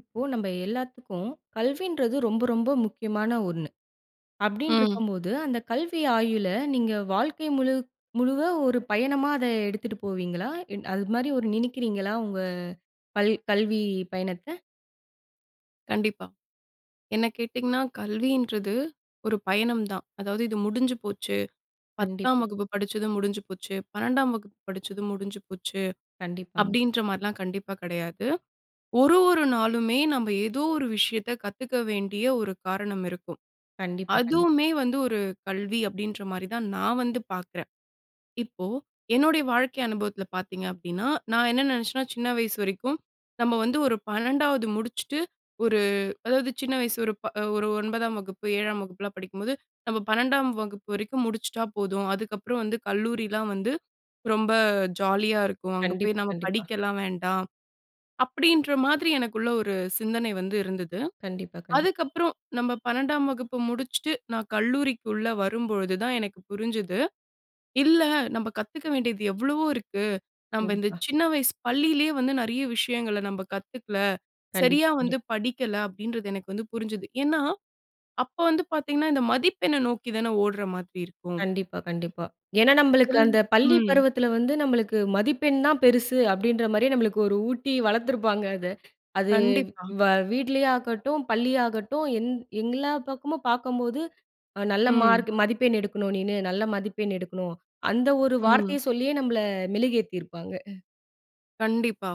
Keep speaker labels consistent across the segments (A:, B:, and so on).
A: இப்போ நம்ம எல்லாத்துக்கும் கல்வின்றது ரொம்ப ரொம்ப முக்கியமான ஒண்ணு, அப்படின்று
B: ம்.
A: இருக்கும்போது, அந்த கல்வி ஆயுளை நீங்க வாழ்க்கை முழு முழுவ ஒரு பயணமா அதை எடுத்துட்டு போவீங்களா? இல் அது மாரி ஒரு நினைக்கிறீங்களா உங்க கல் கல்வி பயணத்தை?
B: கண்டிப்பா. என்ன கேட்டிங்கன்னா கல்வின்றது ஒரு பயணம் தான், அதாவது இது முடிஞ்சு போச்சு, 10ம்
A: கண்டிப்பா.
B: வகுப்பு படிச்சதும் முடிஞ்சு போச்சு, 12ம் வகுப்பு படிச்சதும் முடிஞ்சு போச்சு,
A: கண்டிப்பாங்க.
B: அப்படின்ற மாதிரிலாம் கண்டிப்பா கிடையாது. ஒரு ஒரு நாளுமே நம்ப ஏதோ ஒரு விஷயத்தை கத்துக்க வேண்டிய ஒரு காரணம் இருக்கும்.
A: கண்டிப்பா, கண்டிப்பா.
B: அதுவுமே வந்து ஒரு கல்வி அப்படின்ற மாரி தான் நான் வந்து பார்க்குறேன். இப்போ என்னுடைய வாழ்க்கை அனுபவத்தில பார்த்திங்க அப்படின்னா, நான் என்ன நினைச்சேன்னா சின்ன வயசு வரைக்கும், நம்ம வந்து ஒரு 12வது முடிச்சுட்டு, ஒரு அதாவது சின்ன வயசு ஒரு ஒரு ப 9ஆம் வகுப்பு 7ம் வகுப்புலாம் படிக்கும்போது நம்ம 12ம் வகுப்பு வரைக்கும் முடிச்சிட்டா போதும், அதுக்கப்புறம் வந்து கல்லூரிலாம் வந்து ரொம்ப ஜாலியா இருக்கும், அங்கே போய்
A: கண்டிப்பா,
B: நம்ம
A: கண்டிப்பா.
B: படிக்கலாம் வேண்டாம், அப்படின்ற மாதிரி எனக்குள்ள ஒரு சிந்தனை வந்து இருந்தது,
A: கண்டிப்பா, கண்டிப்பா.
B: அதுக்கப்புறம் நம்ம 12ம் வகுப்பு முடிச்சிட்டு, நான் கல்லூரிக்குள்ள வரும்பொழுது தான் எனக்கு புரிஞ்சுது, இல்ல நம்ம கத்துக்க வேண்டியது எவ்வளவோ இருக்கு, நம்ம இந்த
A: கண்டிப்பா.
B: சின்ன வயசு பள்ளியிலேயே வந்து நிறைய விஷயங்களை நம்ப கத்துக்கல, சரியா
A: கண்டிப்பா,
B: வந்து
A: கண்டிப்பா
B: படிக்கல, அப்படின்றது எனக்கு வந்து புரிஞ்சது. ஏன்னா, அப்ப வந்து பார்த்தீங்கனா இந்த மதிப்பெண்ண நோக்கி தான ஓடுற மாதிரி இருக்கும்.
A: கண்டிப்பா, கண்டிப்பா. ஏன்னா நம்மளுக்கு அந்த
B: [unintelligible]
A: பள்ளி
B: ம்.
A: பருவத்தில வந்து நம்மளுக்கு மதிப்பெண் தான் பெருசு, அப்படின்ற மாதிரி நம்மளுக்கு ஒரு ஊட்டி வளர்த்துருப்பாங்க. அத அது
B: கண்டிப்பா.
A: வ வீட்லேயே ஆகட்டும் பள்ளியாகட்டும் எந் எல்லா பக்கமும் பார்க்கும்போது நல்ல
B: ம்.
A: மார்க் மதிப்பெண் எடுக்கணும் நீனு நல்ல மதிப்பெண் எடுக்கணும் அந்த ஒரு
B: ம்.
A: வார்த்தையை சொல்லியே நம்மள மெழுகேத்தியிருப்பாங்க.
B: கண்டிப்பா.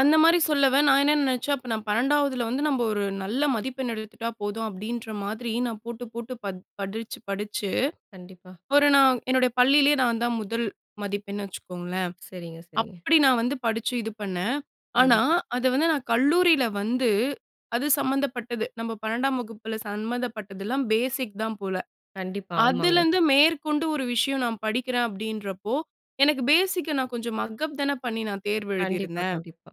B: அந்த மாதிரி சொல்லவ நான் என்ன நினைச்சேன், அப்போ நான் 12வதில வந்து நம்ம ஒரு நல்ல மதிப்பெண் எடுத்துட்டா போதும் அப்படின்ற மாதிரி, நான் போட்டு போட்டு ப படிச்சு படிச்சு,
A: கண்டிப்பா.
B: ஒரு நான் என்னுடைய பள்ளியிலேயே நான் தான் முதல் மதிப்பெண் வச்சுக்கோங்களேன்,
A: சரிங்க சரிங்க.
B: அப்படி நான் வந்து படிச்சு இது பண்ணேன், ஆனா
A: கண்டிப்பா.
B: அதை வந்து நான் கல்லூரியில வந்து, அது சம்மந்தப்பட்டது நம்ம 12டாம் வகுப்பில சம்மந்தப்பட்டதெல்லாம் பேசிக் தான் போல,
A: கண்டிப்பா, ஆமாங்க.
B: அதிலிருந்து மேற்கொண்டு ஒரு விஷயம் நான் படிக்கிறேன் அப்படின்றப்போ, எனக்கு பேசிக் கா நான் கொஞ்சம் மக்அப் தான பண்ணி நான் தேர்வு
A: கண்டிப்பா
B: எழுதியிருந்தேன்.
A: கண்டிப்பா.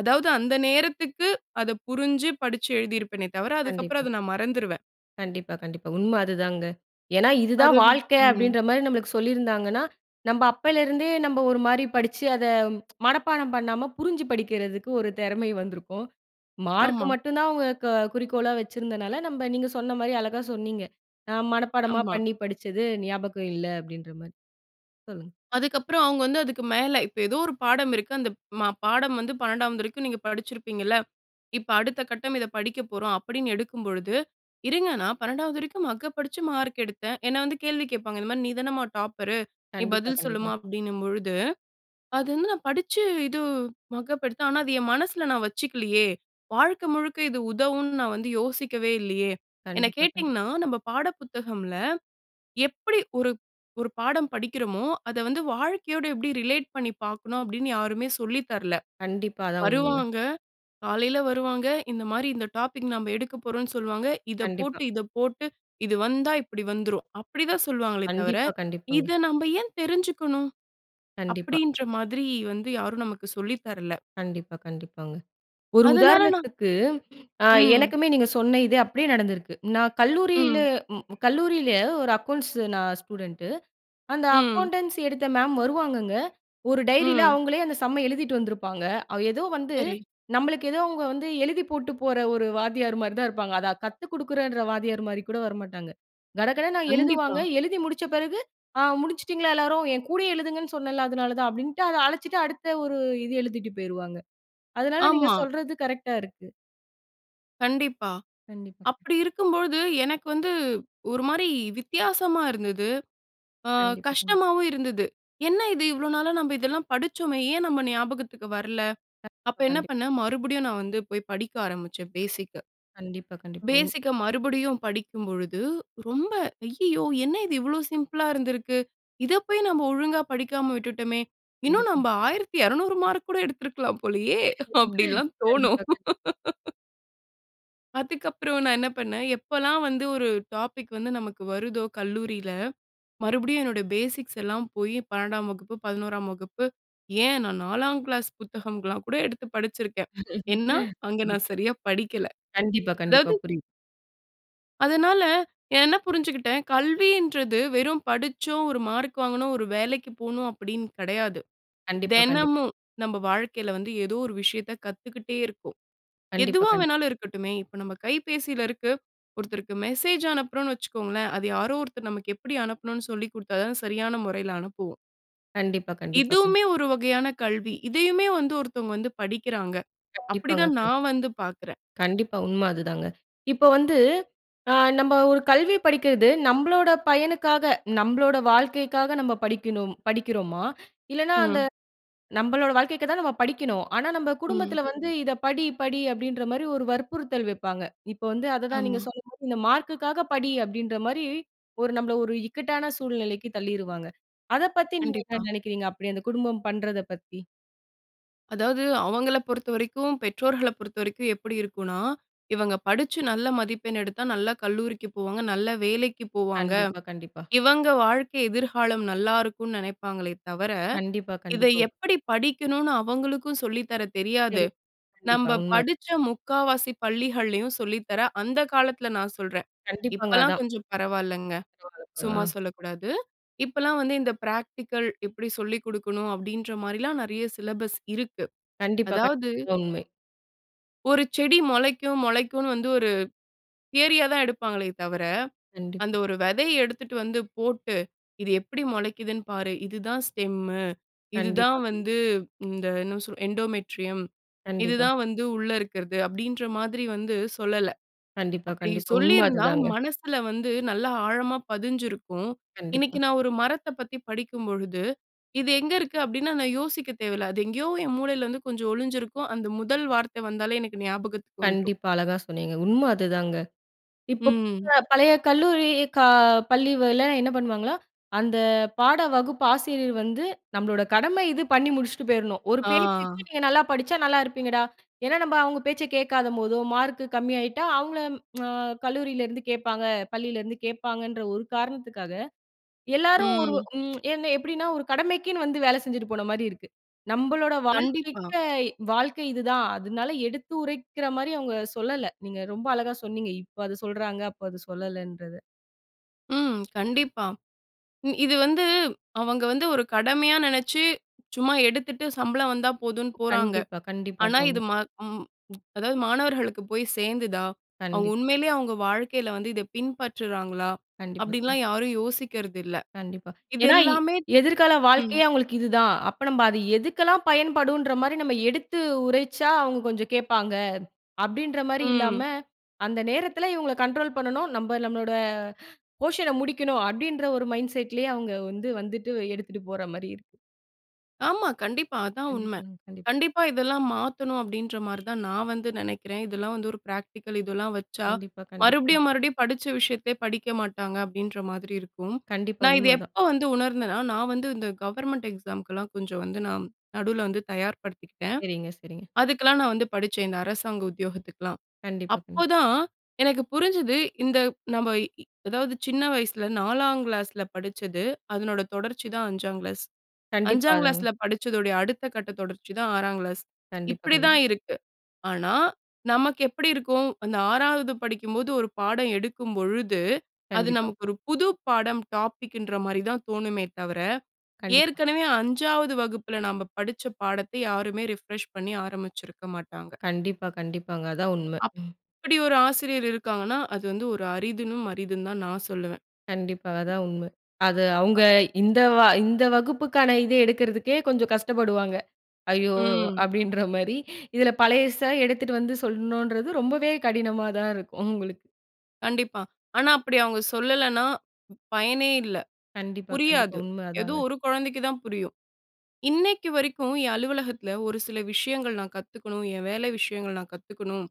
B: அதாவது அந்த நேரத்துக்கு, அதை புரிஞ்சி படிச்சு எழுதியிருப்பேனே தவிர, அதுக்கு அப்புறம்
A: கண்டிப்பா.
B: அத நான் மறந்துருவேன்.
A: கண்டிப்பா கண்டிப்பா உண்மை அதுதாங்க. ஏன்னா இதுதான்
B: அது.
A: வாழ்க்கை
B: ம்.
A: அப்படின்ற மாரி நம்மளுக்கு சொல்லியிருந்தாங்கன்னா, நம்ம அப்போலேருந்தே நம்ம ஒரு மாதிரி படிச்சு அதை மனப்பாடம் பண்ணாமல் புரிஞ்சு படிக்கிறதுக்கு ஒரு திறமை வந்திருக்கும். மார்க்
B: ஆமா.
A: மட்டும் தான் அவங்க குறிக்கோளா வச்சிருந்தனால நம்ம நீங்க சொன்ன மாதிரி, அழகா சொன்னீங்க. "நான் மனப்பாடமா
B: ஆமா.
A: பண்ணி படிச்சது ஞாபகம் இல்ல." அப்படின்ற மாதிரி சொல்லுங்க.
B: அதுக்கப்புறம் அவங்க வந்து அதுக்கு மேல இப்போ ஏதோ ஒரு பாடம் இருக்கு, அந்த பாடம் வந்து 12வது வரைக்கும் நீங்க படிச்சிருப்பீங்கல்ல, இப்போ அடுத்த கட்டம் இதை படிக்க போறோம் அப்படின்னு எடுக்கும்பொழுது, "இருங்க நான் 12வது வரைக்கும் மக்கப் அடிச்சு மார்க் எடுத்தேன்," என்னை வந்து கேள்வி கேட்பாங்க, இந்த மாதிரி. "நீதானம்மா டாப்பர், நீ
A: கண்டிப்பா
B: பதில்
A: கண்டிப்பா.
B: சொல்லுமா," அப்படின்னும்பொழுது, அது வந்து 'நான் படிச்சு இது மக்கப் எடுத்தேன், ஆனா, அது என் மனசில நான் வச்சுக்கலையே, வாழ்க்கை முழுக்க இது உதவும்னு நான் வந்து யோசிக்கவே இல்லையே,' என்னை
A: கண்டிப்பா
B: கேட்டிங்கன்னா
A: கண்டிப்பா.
B: நம்ம பாட புத்தகமில எப்படி ஒரு ஒரு பாடம் படிக்கிறோமோ, அதை வந்து வாழ்க்கையோட எப்படி ரிலேட் பண்ணி பாக்கணும் அப்படின்னு யாருமே சொல்லி தரல,
A: கண்டிப்பா, அதான் உண்மைங்க.
B: வருவாங்க, காலையில வருவாங்க, இந்த மாதிரி "இந்த டாபிக் நம்ப எடுக்க போறோம்னு சொல்வாங்க, இதை
A: கண்டிப்பா.
B: போட்டு இதை போட்டு இது வந்தா இப்படி வந்துரும்," அப்படி தான் சொல்வாங்களே தவிர
A: கண்டிப்பா கண்டிப்பாங்க.
B: இதை நம்ம ஏன் தெரிஞ்சிக்கணும்?
A: கண்டிப்பா.
B: அப்படின்ற மாதிரி வந்து யாரும் நமக்கு சொல்லி தரல.
A: கண்டிப்பா கண்டிப்பாங்க, ஒரு
B: அதனால நான்
A: உதாரணத்துக்கு, அ
B: ம்.
A: எனக்குமே நீங்க சொன்ன இது அப்படியே நடந்திருக்கு. நான் கல்லூரியில
B: ம்.
A: கல்லூரியில ஒரு அக்கவுண்ட்ஸ் நான் ஸ்டூடண்ட் அந்த
B: ம்.
A: அக்கவுண்டன்சி எடுத்த மேம் வருவாங்கங்க, ஒரு டைரியில
B: ம்.
A: அவங்களே அந்த சம்ம எழுதிட்டு வந்திருப்பாங்க, ஏதோ வந்து,
B: சரி.
A: நம்மளுக்கு ஏதோ அவங்க வந்து எழுதி போட்டு போற ஒரு வாத்தியார் மாதிரி தான் இருப்பாங்க, அதை கத்து குடுக்குற வாத்தியார் மாதிரி கூட வரமாட்டாங்க, கடகடன்னு
B: கண்டிப்பா.
A: எழுதுவாங்க, எழுதி முடிச்ச பிறகு, ஆ முடிச்சுட்டீங்களா எல்லாரும், என் கூடயே எழுதுங்கனு சொன்னேல்ல அதனால தான், அப்படின்ட்டு அதை அழிச்சிட்டு அடுத்த ஒரு இது எழுதிட்டு போய்டுவாங்க, அதனால நீங்க
B: ஆமா.
A: சொல்றது கரெக்ட்டா இருக்கு.
B: கண்டிப்பா.
A: கண்டிப்பாக.
B: அப்படி இருக்கும்போது எனக்கு வந்து ஒரு மாரி வித்தியாசமா இருந்தது. அ
A: கண்டிப்பாங்க.
B: கஷ்டமாவும் இருந்தது. என்ன இது இவ்ளோ நாளா நம்ம இதெல்லாம் படிச்சோமே? ஏன் நம்ம ஞாபகத்துக்கு வரல? அப்ப
A: கண்டிப்பா.
B: என்ன
A: கண்டிப்பா.
B: பண்ணேன், மறுபடியும் நான் வந்து போய் படிக்க ஆரம்பிச்சேன் பேசிக்கு.
A: கண்டிப்பா. கண்டிப்பா. உ
B: பேசிக்கு மறுபடியும் படிக்கும் பொழுது, ரொம்ப "ஐய்யயோ! என்ன இது இவ்ளோ சிம்பிள்ளா இருந்திருக்கு. இத போய் நம்ம ஒழுங்கா படிக்காம விட்டுட்டோமே. இன்னும் நம்ம
A: கண்டிப்பா.
B: 1,200 மார்க் கூட எடுத்திருக்கலாம் போலயே." அப்டின்னுலாம் தோணும்.
A: கண்டிப்பா. கண்டிப்பா.
B: அதுக்கப்புறம் நான் என்ன பண்ணேன் எப்போலாம் வந்து ஒரு டாபிக் வந்து நமக்கு வருதோ கல்லூரியில மறுபடியும் என்னோட பேசிக்ஸ் எல்லாம் போய் 12ம் வகுப்பு, 11ம் வகுப்பு ஏன் நான் 4ங்கிளாஸ் புத்தகம்லாம் கூட எடுத்து படிச்சிருக்கேன். ஏன்னா, அங்க
A: கண்டிப்
B: நான் சரியா படிக்கல.
A: கண்டிப்பா. கண்டிப்பா.
B: அதாவது.
A: புரியுது.
B: அதனால என்ன புரிஞ்சுக்கிட்டேன். கல்வின்றது வெறும் படிச்சோம் ஒரு மார்க் வாங்கணும், ஒரு வேலைக்கு போணும் அப்படின்னு கிடையாது.
A: கண்டிப்பா. கண்டிப்பா.
B: தினமும் நம்ம வாழ்க்கையில வந்து ஏதோ ஒரு விஷயத்த கத்துக்கிட்டே இருக்கோம்.
A: கண்டிப்பா.
B: எதுவா
A: கண்டிப்
B: வேணாலும் இருக்கட்டுமே இப்ப நம்ம கைபேசியில இருக்கு, ஒருத்தருக்கு மெசேஜ் அனுப்புறோன்னு வச்சுக்கோங்களேன். அத யாரோ ஒருத்தர் நமக்கு எப்படி அனுப்பணும்னு சொல்லிக் குடுத்தா தான் சரியான முறையில அனுப்புவோம்.
A: கண்டிப்பா கண்டிப்பா கண்
B: இதுவுமே ஒரு வகையான கல்வி. இதையுமே வந்து ஒருத்தவங்க வந்து, படிக்கிறாங்க. அப்படி
A: கண்டிப்பாங்க
B: தான்
A: கண்டிப்
B: நான் வந்து பாக்றேன்.
A: கண்டிப்பா. உண்ம அதுதாங்க. இப்ப வந்து, அ, நம்ம ஒரு கல்வி படிக்கிறது. நம்மளோட பயனுக்காக. நம்மளோட வாழ்க்கைக்காக நம்ம படிக்கணும். படிக்கிறோமா? இல்லன்னா, அந்த
B: ம்.
A: நம்மளோட வாழ்க்கைக்கு தான் நம்ம படிக்கணும். ஆனா, நம்ம
B: ம்.
A: குடும்பத்தில வந்து, இத படி படி அப்படின்ற மாரி, ஒரு வற்புறுத்தல் வப்பாங்க. இப்ப வந்து, அதுதா, நீங்க
B: ஆமா.
A: சொன்ன, இந்த மார்க்குக்காக படி. அப்படின்ற மாரி ஒரு நம்மள ஒரு, இக்கட்டான சூழ்நிலைக்கு தள்ளிருவாங்க. அத பத்தி, நீங்க என்ன
B: கண்டிப்பா.
A: நெனக்கிறீங்க? அப்படி அந்த குடும்பம் பண்றத பத்தி
B: அதாவது, அவங்கள பொறுத்தவரைக்கும், பெற்றோர்கள பொறுத்தவரைக்கும், எப்படி இருக்குனா. இவங்க படுச்சு நல்ல மதிப்பெண் எடுத்தா, நல்ல கல்லூரிக்கு போவாங்க. நல்ல வேலைக்கு போவாங்க.
A: கண்டிப்பா கண்டிப்பா.
B: இவங்க வாழ்க்கை எதிர்காலம், நல்லாயிருக்கும்னு நினைப்பாங்களே தவர,
A: கண்டிப்பா
B: இத
A: கண்டிப்போ.
B: எப்படி படிக்கணும்னு அவங்களுக்கு, சொல்லித்தர தெரியாது.
A: சரி. கண்டிப்பா.
B: நம்ம
A: உண்ம.
B: படுச்ச 3/4வாசி பள்ளிகள்லயும் சொல்லி தர, அந்த காலத்தில நான் சொல்றே.
A: கண்டிப்பாங்க.
B: இப்பலாம்
A: அதான்.
B: கொஞ்சம், பரவாயில்லங்க.
A: போறப்ப [unintelligible] ஆ.
B: சும்மா சொல்லக்கூடாது. இப்பலாம் வந்து இந்த பிராக்டிகல், எப்படி சொல்லிக் கொடுக்கணும். அப்படின்ற மாரிலாம் நெறய சிலபஸ் இருக்கு.
A: கண்டிப்பா.
B: அதாவது
A: கண்டிபா உண்மை.
B: ஒரு செடி மொளைக்கும் மொளைக்குன்னு வந்து ஒரு தியரியா தான் எடுப்பாங்களே தவிர, அந்த
A: கண்டிப்பா.
B: ஒரு வெதைய எடுத்துட்டு வந்து போட்டு "இது எப்புடி மொளைக்குதுன்னு பாரு. இதுதான் ஸ்டெம்மு இதுதான்
A: கண்டிப்பா. [unintelligible]
B: வந்து இந்த என்ன சொல் எண்டோமெட்ரியம் இது
A: கண்டிப்பா.
B: தான் வந்து உள்ள இருக்கறது" அப்டின்ற மாதிரி வந்து சொல்லல.
A: கண்டிப்பா,
B: அப்டி
A: கண்டிப்பா. உண்ம
B: சொல்லியிருந்தா
A: அதுதாங்க.
B: மனசுல வந்து நல்ல ஆழமா பதிஞ்சிருக்கும். இன்னைக்கு
A: கண்டிப்பா.
B: நான் ஒரு மரத்த பத்தி படிக்கும் பொழுது, "இது எங்க இருக்கு" அப்படின்னா நான் யோசிக்க தேவையில்ல. அது எங்கயோ என் மூளையில வந்து கொஞ்சம் ஒளிஞ்சிருக்கும். அந்த முதல் வார்த்த வந்தாலே எனக்கு ஞாபகத்துக்கு வந்துரும்.
A: கண்டிப்பா, அழகா சொன்னீங்க. உண்ம அதுதாங்க. இப்போ
B: ம்.
A: [unintelligible] பழைய கல்லூரி கா பள்ளிகள்ல என்ன பண்ணுவாங்களா, அந்த பாட வகுப்பு ஆசிரியர் வந்து நம்பளோட கடமை இது பண்ணி முடிச்சுட்டு போயிரணும். ஒரு பேச்சுக்கு
B: ஆ.
A: "நீங்க நல்லா படிச்சா, நல்லா இருப்பீங்கடா" ஏன்னா நம்ம அவுங்க பேச்ச கேட்காதம்போதோ, மார்க்கு கம்மி ஆயிட்டா, அவுங்கள அ கல்லூரியிலருந்து கேப்பாங்க! பள்ளிலருந்து கேட்பாங்கன்ற, ஒரு காரணத்துக்காக, எல்லாரும் ஒரு
B: ம்.
A: ம் என்ன எப்படின்னா, ஒரு கடமைக்குன்னு வந்து வேலை செஞ்சுட்டு போன மாரி இருக்கு. நம்பளோட
B: கண்டிப்பா.
A: வாழ்க்கைக்கு வாழ்க்கை இதுதான். அதனால எடுத்து உரைக்கிற மாரி அவுங்க சொல்லல! நீங்க ரொம்ப அழகா சொன்னீங்க. இப்ப அத சொல்றாங்க. அப்போ அது சொல்லலன்றது.
B: ம். கண்டிப்பா. இ இது வந்து, அவங்க வந்து ஒரு கடமையா நெனச்சு, சும்மா எடுத்துட்டு, சம்பளம் வந்தா போதுன்னு போறாங்க.
A: கண்டிப்பா, கண்டிப்பா.
B: ஆனா,
A: அதா
B: இது.
A: உண்ம.
B: ம ம் அதாவது, மாணவர்களுக்கு போய் சேர்ந்துதா? அவங்க
A: கண்டிப்.
B: உண்மயிலயே, அவங்க வாழ்க்கையில வந்து, இத பின்பற்றுறாங்களா?
A: கண்டிப்பா.
B: அப்படின்லாம் யாரும் யோசிக்கிறது இல்ல.
A: கண்டிப்பா.
B: இது
A: ஏன்னா,
B: எல்லாமே
A: எதிர்கால
B: ம்.
A: வாழ்க்கையே, அவங்களுக்கு இதுதா. அப்ப, நம்ம அது எதுக்கெல்லாம் பயன்படுன்ற மாரி, நம்ம எடுத்து உரைச்சா, அவங்க கொஞ்ச கேட்பாங்க. அப்படின்ற மாரி இல்லாம,
B: ம்.
A: அந்த நேரத்தில இவங்கள கண்ட்ரோல் பண்ணணும். நம்ப, நம்மளோட, அ போர்ஷன முடிக்கணும். அப்படின்ற ஒரு மைண்ட் செட் லயே அவங்க வந்து, வந்துட்டு எடுத்துட்டு போற மாரி இருக்கு.
B: ஆமா. கண்டிப்பா. அதான் உண்ம.
A: கண்டிப்பா. கண்டிப்
B: கண்டிப்பா, இதெல்லாம் மாத்தணும். அப்படின்ற மாரி தான், நான் வந்து நெனக்கிறேன். இதெல்லாம் வந்து, ஒரு பிராக்டிகல் இதெல்லா வச்சா,
A: கண்டிப்பா. கண்டிப்பா.
B: மறுபடியும், மறுபடியும், படிச்ச விஷயத்தையே படிக்க மாட்டாங்க. அப்படின்ற மாதிரி இருக்கும்.
A: கண்டிப்பா.
B: நான் இத
A: உண்மதான்.
B: எப்ப வந்து உணர்ந்தேன்னா, நான் வந்து இந்த கவர்மெண்ட் எக்ஸாமு க்குலா, கொஞ்ச வந்து நான், நடுவுல வந்து தயார்படுத்திக்கிட்டேன்.
A: சரிங்க, சரிங்க.
B: அதுக்குலாம் நான் வந்து படிச்சேன். இந்த அரசாங்க உத்தியோகத்துக்குலாம்.
A: கண்டிப்பா. கண்
B: அப்போதான் எனக்கு புரிஞ்சுது, இந்த நம்ம இ அதாவது, சின்ன வயசுல 4ங் கிளாஸ்ல படிச்சது. அதனோட தொடர்ச்சி தான் 5ங் கிளாஸ்.
A: கண்டிப்பா.
B: 5ங்
A: அதாங்க.
B: கிளாஸ்ல படிச்சதோடய, அடுத்த கட்டத் தொடர்ச்சி தான், 6ங் கிளாஸ்.
A: கண்டிப்பா.
B: இப்படி
A: கண்டி
B: தான் இருக்கு. ஆனா, நமக்கு எப்படி இருக்கும். அந்த 6வது படிக்கும்போது ஒரு பாடம் எடுக்கும்பொழுது, அது
A: கண்டிப்பா.
B: நமக்கு ஒரு புது பாடம். டாப்பிக் குன்ற மாரி தான் தோணுமே தவர,
A: கண்டிப்பா.
B: ஏற்கனவே 5வது வகுப்புல நம்ம படிச்ச பாடத்த யாருமே ரிஃப்ரெஷ் பண்ணி, ஆரம்பிச்சிருக்க மாட்டாங்க!
A: கண்டிப்பா. கண்டிப்பாங்க. அதாந் உண்ம.
B: அப்
A: ம்.
B: அப்டி ஒரு ஆசிரியர், இருக்காங்கன்னா, அது வந்து ஒரு அரிதினும், அரிதுன்தா, நான் சொல்லுவேன்.
A: கண்டிப்பா. அதான் உண்ம. அது
B: அ.
A: அவுங்க இந்த வ இந்த வகுப்புக்கான இத எடுக்கறதுக்கே கொஞ்ச கஷ்டப்படுவாங்க. "ஐயோ!"
B: ம்.
A: அப்படின்ற மாரி. இதில, பழையச எடுத்துட்டு வந்து, சொல்லணும்ன்றது ரொம்பவே கடினமாதான் இருக்கும். அவுங்களுக்கு!
B: கண்டிப்பா. ஆனா அப்பிடி அவுங்க சொல்லலன்னா, பயனே இல்ல.
A: கண்டிப்பா, கண்டிப்பா.
B: புரியாது,
A: உண்மை
B: எதோ
A: அதாங்க.
B: ஒரு குழந்தைக்கு தான் புரியும். இன்னக்கி வரைக்கும் என் அலுவலகத்தில ஒரு சில விஷயங்கள் நான் கத்துக்கணும், என் வேலை விஷயங்கள் நான் கத்துக்கணும்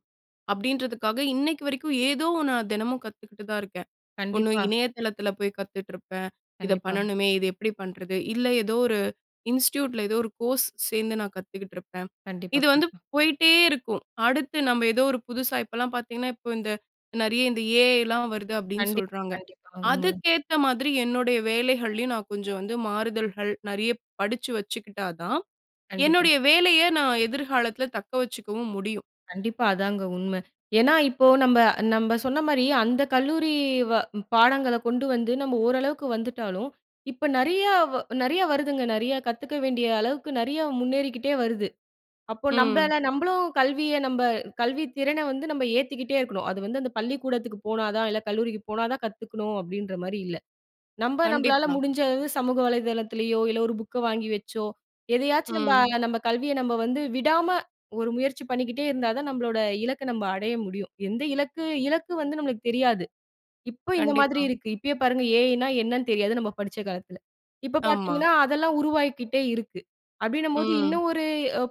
B: அப்பிடின்றதுக்காக, இன்னைக்கு வரைக்கும் ஏதோ நான் தினமும் கத்துக்கிட்டு தான் இருக்கேன். ஒண்ணு
A: கண்டிப்பா.
B: இணையதளத்தில போய் கத்துகிட்டிருப்பேன். இத
A: கண்டிப்பா.
B: பண்ணணுமே! இத எப்பிடி பண்ணுறது? இல்ல, எதோ ஒரு இன்ஸ்டிடியூட்டில எதோ ஒரு கோர்ஸ் சேர்ந்து நான் கத்துக்கிட்டுருப்பேன்.
A: கண்டிப்பா,
B: இது வந்து
A: கண்டிப்பா.
B: போயிட்டே இருக்கும். அடுத்து நம்ம ஏதோ ஒரு புதுசா இப்பல்லாம் பார்த்தீங்கன்னா, இப்ப இந்த நிறைய இந்த ஏ.ஐ. லாம் வருது அப்பிடின்னு
A: கண்டிப்பா,
B: சொல்றாங்க.
A: கண்டிப்பா. உண்ம தான்.
B: அதுக்கேத்த மாதிரி என்னுடைய வேலைகள்லயும் நான் கொஞ்சம் வந்து மாறுதல்கள் நிறைய படிச்சு வச்சுக்கிட்டா தான்,
A: கண்டிப்பா.
B: என்னுடைய வேலைய நான் எதிர்காலத்தில தக்க வச்சுக்கவும் முடியும்.
A: கண்டிப்பா. அதாங்க உண்ம. ஏன்னா, இப்போ நம்ப, நம்ப சொன்னமாரி அந்த கல்லூரி வ பாடங்கள கொண்டு வந்து நம்ம ஓரளவுக்கு வந்துட்டாலும் இப்ப நிறையா நிறையா வருதுங்க. நிறையா கத்துக்க வேண்டிய அளவுக்கு நிறையா முன்னேறிக்கிட்டே வருது. அப்போ
B: ம்.
A: நம்மள நம்மளும் கல்விய நம்ப கல்வி திறன வந்து நம்ம ஏத்திக்கிட்டே இருக்கணும். அது வந்து அந்த பள்ளிக்கூடத்துக்கு போனா தான் இல்ல, கல்லூரிக்கு போனா தான் கத்துக்கணும் அப்பிடின்றமாரி இல்ல. நம்ப நம்மளால
B: கண்டிப்பா.
A: முடிஞ்ச அளவு சமூக வலைதளத்திலயோ! இல்ல ஒரு புக்க வாங்கி வச்சோ! எதையாச்சும் நம்ப
B: ம்.
A: நம்ம கல்விய நம்ம வந்து விடாம ஒரு முயற்சி பண்ணிக்கிட்டே இருந்தா தான் நம்மளோட இலக்க நம்ப அடைய முடியும். எந்த இலக்கு இலக்கு வந்து நம்மளுக்கு தெரியாது. இப்ப இந்த மாதிரி
B: கண்டிப்பா.
A: இருக்கு. இப்பயே பாருங்க! ஏ.ஐ. ன்னா என்னன்னு தெரியாது. நம்ம படிச்ச காலத்தில. இப்ப
B: ஆமா.
A: பார்த்தீங்கன்னா அதெல்லாம் உருவாக்கிட்டே இருக்கு. அப்பிடின்னம்போது
B: ம்.
A: இன்னும் ஒரு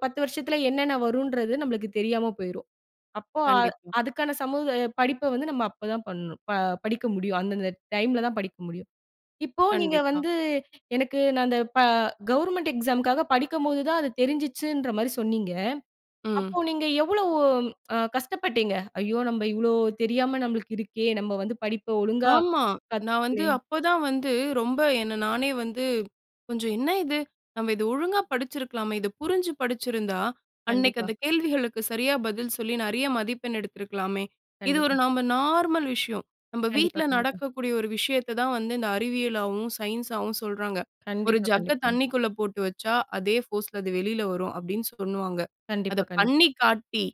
A: 10 வருஷத்தில என்னென்ன வருன்றது நம்மளுக்கு தெரியாம போயிரும். அப்போ
B: கண்டிப்பா.
A: அதுக்கான சமூக படிப்ப வந்து நம்ம அப்பதான் பணணும். ப படிக்க முடியும். அந்தந்த டைம்ல தான் படிக்க முடியும். இப்போ நீங்க
B: கண்டிப்பா.
A: வந்து எனக்கு நான் அந்த ப கவர்ன்மென்ட் எக்ஸாம்க்காக படிக்கும்போது தான் அது தெரிஞ்சிச்சுன்றமாரி சொன்னீங்க.
B: ம்.
A: அப்போ நீங்க எவ்வளவு அ கஷ்டப்பட்டீங்க? ஐயோ! நம்ப இவ்வளோ தெரியாம நம்மளுக்கு இருக்கே! நம்ப வந்து படிப்ப ஒழுங்கா
B: ஆமா. நான் வந்து
A: கத்துக்கல்லயே!
B: அப்ப தான் வந்து ரொம்ப என்ன நானே வந்து கொஞ்சம் "என்ன இது? நம்ம இத ஒழுங்கா படிச்சிருக்கலாமே! இத புரிஞ்சு படிதச்சிருந்தா, அன்னக்கி
A: கண்டிப்பா.
B: அந்த கேள்விகளுக்கு சரியா பதில் சொல்லி நிறைய மதிப்பெண் எடுத்திருக்கலாமே!" இது ஒரு
A: கண்டிப்பா.
B: நம்ம நார்மல் விஷயம். நம்ம
A: கண்டிப்பா,
B: வீட்ல
A: கண்டிப்பா.
B: நடக்கக்கூடிய ஒரு விஷயத்த தான் வந்து இந்த அறிவியலாவும், சயின்ஸாவும் சொல்றாங்க. ஒரு
A: கண்டிப்பா,
B: ஜக்க
A: கண்டிப்பாங்க.
B: தண்ணிக்குள்ள போட்டு வச்சா, அதே ஃபோர்ஸ்ல அது வெளில வரும் அப்பிடின்னு சொல்லுவாங்க. அத
A: கண்டிப்பா, கண்டிப்பா.
B: பண்ணி காட்டி,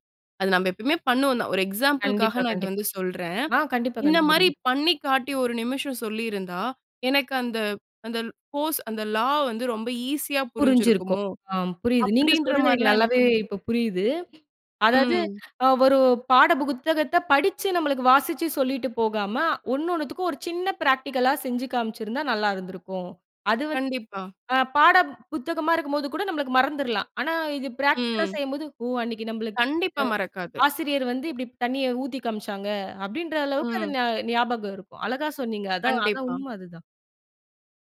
B: அத நம்ம எப்பமே பண்ணுவோம் தான். ஒரு எக்ஸாம்பிள்
A: கண்டிப்பா,
B: காக நான் இத
A: கண்டிப்பா.
B: வந்து சொல்றேன்.
A: ஆ கண்டிப்பா,
B: இந்த
A: கண்டிப்பா.
B: மாதிரி
A: புரியுது.
B: பண்ணி காட்டி ஒரு நிமிஷம் சொல்லியிருந்தா, எனக்கு அந்த அந்த கோர்ஸ் அந்த லா வந்து ரொம்ப ஈஸியா
A: புரிஞ்சிருக்கும்.
B: புரிஞ்சிருக்குமோ!
A: ஆம் புரியுது. நீங்க
B: அப்பிடின்ற
A: சொல்றது எனக்கு
B: மாரிலாம் எனக்கு
A: நல்லாவே
B: வந்து
A: இப்ப புரியுது. அதாவது
B: ம்.
A: அ ஒரு பாட புத்தகத்த படிச்சு நம்மளுக்கு வாசிச்சு சொல்லிட்டு போகாம, ஒன்னொன்னுத்துக்கும் ஒரு சின்ன பிராக்டிகலா செஞ்சு காமிச்சிருந்தா நல்லா இருந்திருக்கும். அது வந்து
B: கண்டிப்பா.
A: அ பாட புத்தகமாக இருக்கும்போது கூட நம்மளுக்கு மறந்துர்லாம். ஆனா, இது பிராக்டிகலா
B: ம்.
A: செய்யும்போது "ஓ அன்னக்கி நம்மளுக்கு
B: கண்டிப்பா மறக்காது.
A: ஆசிரியர் வந்து இப்பிடி தண்ணீய ஊத்தி காமிச்சாங்க". அப்படின்ற அளவுக்கு அது
B: ம்.
A: ஞாபகம் இருக்கும். அழகா சொன்னீங்க. அதான், அதான்
B: கண்டிப்பா.
A: உண்ம அதுதான்.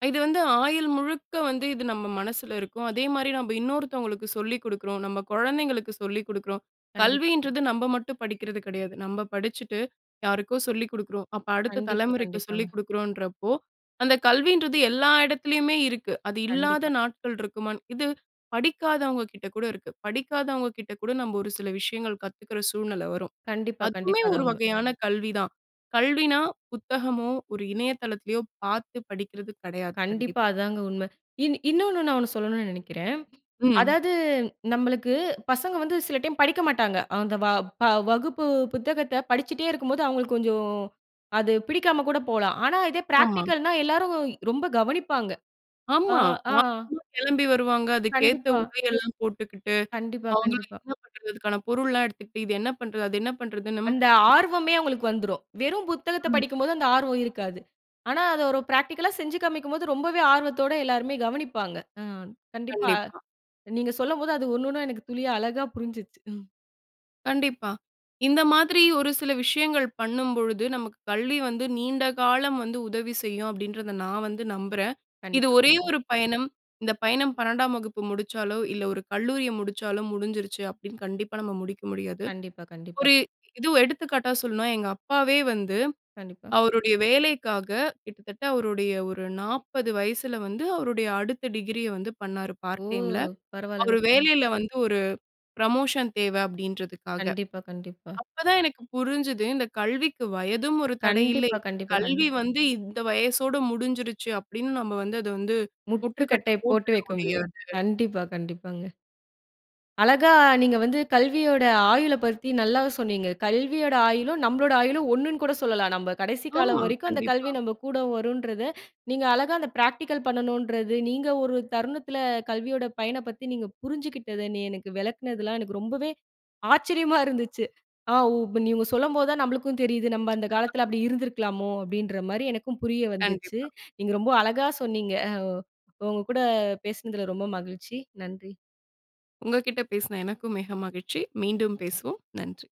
B: அ இது வந்து ஆயுள் முழுக்க வந்து இது நம்ம மனசில இருக்கும். அதேமாரி
A: கண்டிப்பா.
B: நம்ப இன்னொருத்தவங்களுக்கு சொல்லிக் குடுக்கறோம். நம்ப குழந்தைகளுக்கு சொல்லிக் குடுக்கறோம்.
A: கண்டிப்பா, கண்டிப்
B: கல்வின்றது நம்ப மட்டும் படிக்கிறது கிடையாது. நம்ப படிச்சுட்டு, யாருக்கோ சொல்லிக் குடுக்கறோம். அப்ப அடுத்த
A: கண்டிப்பா,
B: தலைமுறைக்கு சொல்லிக்
A: கண்டிப்பாங்க.
B: குடுக்குறோன்றப்போ, அந்த கல்வின்றது எல்லா இடத்திலயுமே இருக்கு. அது இல்லாத
A: கண்டிப்பா.
B: நாட்கள் இருக்குமான் இது படிக்காதவங்க கிட்ட கூட இருக்கு. படிக்காதவங்க கிட்ட கூட நம்ப ஒரு சில விஷயங்கள் கத்துக்கிற சூழ்நிலை வரும்.
A: கண்டிப்பா,
B: அதுவுமே
A: கண்டிப்பா. அதான்
B: ஒரு
A: உண்ம.
B: வகையான கல்வி தான். கல்வினா புத்தகமோ, ஒரு இணைய தளத்திலயோ பார்த்து படிக்கிறது கெடையாது. கண்டிப்பா.
A: கண்டிப்பா. அதாங்க உண்ம. இன் இன்னொன்னு நான் ஒண்ணு சொல்லணுனு நினைக்கிறேன்.
B: ம்.
A: அதாவது நம்மளுக்கு பசங்க வந்து சில டைம் படிக்க மாட்டாங்க. அந்த வ ப வகுப்பு புத்தகத்த படிச்சுட்டே இருக்கும்போது அவுங்களுக்கு கொஞ்சோம் அது பிடிக்காம கூட போலாம். ஆனா இதே
B: ஆமா.
A: பிராக்டிகல்னா எல்லாரும் ரொம்ப கவனிப்பாங்க. ஆ,
B: ஆமா
A: ஆ.
B: [unintelligible] கெளம்பி வருவாங்க. அதுக்கேத்த
A: கண்டிப்பா.
B: உடையெல்லாம் போட்டுக்கிட்டு,
A: கண்டிப்பா,
B: அவுங்களும்
A: கண்டிப்பா.
B: [unintelligible] அதுக்கான பொருள்லாம் எடுத்துக்கிட்டு, இது என்ன பண்றது? அது என்ன பண்றதுன்னும்
A: அந்த ஆர்வமே
B: [unintelligible]
A: அவுங்களுக்கு வந்துரும். வெறும் புத்தகத்த
B: ம்.
A: படிக்கும் போது அந்த ஆர்வம் இருக்காது. ஆனா அத ஒரு பிராக்டிகல்லா செஞ்சு காமிக்கும்போது, ரொம்பவே ஆர்வத்தோட எல்லாருமே கவனிப்பாங்க. ஆ. கண்டிப்பா
B: கண்டிப்பா.
A: நீங்க சொல்லம்போது அது ஒண்ணு ஒண்ணா எனக்கு துளியா அழகா புரிஞ்சுருச்சு. ம்.
B: கண்டிப்பா. "இந்த மாதிரி ஒரு சில விஷயங்கள் பண்ணும்பொழுது, நமக்கு கல்வி வந்து நீண்ட காலம் வந்து உதவி செய்யும்" அப்படின்றத நான் வந்து நம்புறேன். இது
A: கண்டிப்பா.
B: ஒரே
A: [unintelligible]
B: ஒரு பயணம். இந்த பயணம் 12 வகுப்பு முடிச்சாலோ, இல்ல ஒரு கல்லூரிய முடிச்சாலோ, முடிஞ்சிருச்சு அப்படின்னு கண்டிப்பா நம்ம முடிக்க முடியாது.
A: கண்டிப்பா, கண்டிப்பா.
B: ஒரு எதோ எடுத்துக்காட்டா சொல்லணுனா, எங்க அப்பாவே வந்து
A: கண்டிப்பா.
B: அவருடைய வேலைக்காக, கிட்டத்தட்ட அவருடைய ஒரு 40 வயசுல வந்து அவருடைய அடுத்த டிகிரி ய வந்து பண்ணாரு,
A: ஓ!
B: பார்ட் டைம் ல. அவரு
A: பரவால்லங்கப்பா!
B: வேலையில வந்து ஒரு புரமோஷன் தேவ அப்பிடின்றதுக்காக.
A: கண்டிப்பா, கண்டிப்பா.
B: அப்ப தான் எனக்கு புரிஞ்சுது, "இந்த கல்விக்கு வயதும் ஒரு தடை இல்லை.
A: கண்டிப்பா. கண்டிப்பா, கண்டிப்பா.
B: கல்வி வந்து இந்த வயசோட முடிஞ்சிடுச்சு" அப்படின்னு நம்ம வந்து அதை வந்து, முட்டுக்கட்ட
A: முற்றுக்கட்டை போட்டு
B: போட்டுட
A: வைக்க முடியாது.
B: முடியாது.
A: கண்டிப்பா, கண்டிப்பாங்க. அழகா, நீங்க வந்து கல்வியோட ஆயுள பத்தி நல்லா சொன்னீங்க. கல்வியோட ஆயுளும், நம்மளோட ஆயுளும் ஒண்ணுனு கூட சொல்லலாம். நம்ம கடைசி காலம்
B: ஆமா.
A: வரைக்கும் அந்த கல்வி
B: கண்டிப்பா.
A: நம்ம கூட வருன்றத, நீங்க அழகா அந்த பிராக்டிகல் பண்ணணுன்றது, நீங்க ஒரு தருணத்துல கல்வியோட பயன பத்தி நீங்க புரிஞ்சுக்கிட்டது. நீ எனக்கு விளக்குனதுலாம் எனக்கு ரொம்பவே, ஆச்சரியமா இருந்துச்சு. ஆ ஓ இப்ப நீங்க சொல்லும்போது தான் நம்மளுக்கும் தெரியுது, "நம்ம அந்த காலத்துல அப்பிடி இருந்திருக்கலாமோ?" அப்படின்றமாரி எனக்கும் புரிய வந்துச்சு.
B: கண்டிப்பா.
A: நீங்க ரொம்ப அழகா சொன்னிீங்க. அ, ஓ உங்க கூட பேசுனதுல ரொம்ப மகிழ்ச்சி. நன்றி!
B: உங்ககிட்ட பேசுன எனக்கும் மிக மகிழ்ச்சி. மீண்டும் பேசுவோம். நன்றி.